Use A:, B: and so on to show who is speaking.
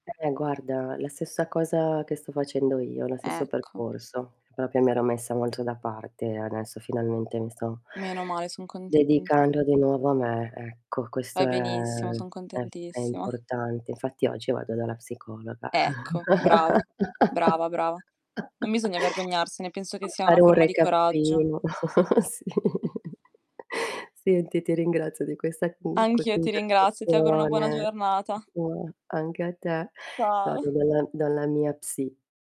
A: Eh guarda, la stessa cosa che sto facendo io, lo stesso
B: Ecco.
A: percorso, proprio mi ero messa molto da parte adesso finalmente mi sto
B: Meno male, son contenta.
A: dedicando di nuovo a me, ecco questo,
B: Fai benissimo, son
A: ehm, è f è
B: contentissima.
A: importante. Infatti oggi vado dalla psicologa.
B: Ecco, brava, brava, brava. Non bisogna vergognarsene, penso che
A: A
B: sia una
A: fare un
B: forma di coraggio.
A: recappino, sì.
B: Mh.
A: Senti, ti ringrazio di questa comunque,
B: Anch'io ti ringrazio, ti auguro una buona
A: conversazione,
B: giornata.
A: [unintelligible] anche a te, adesso
B: Ciao.
A: vado dalla dalla mia psi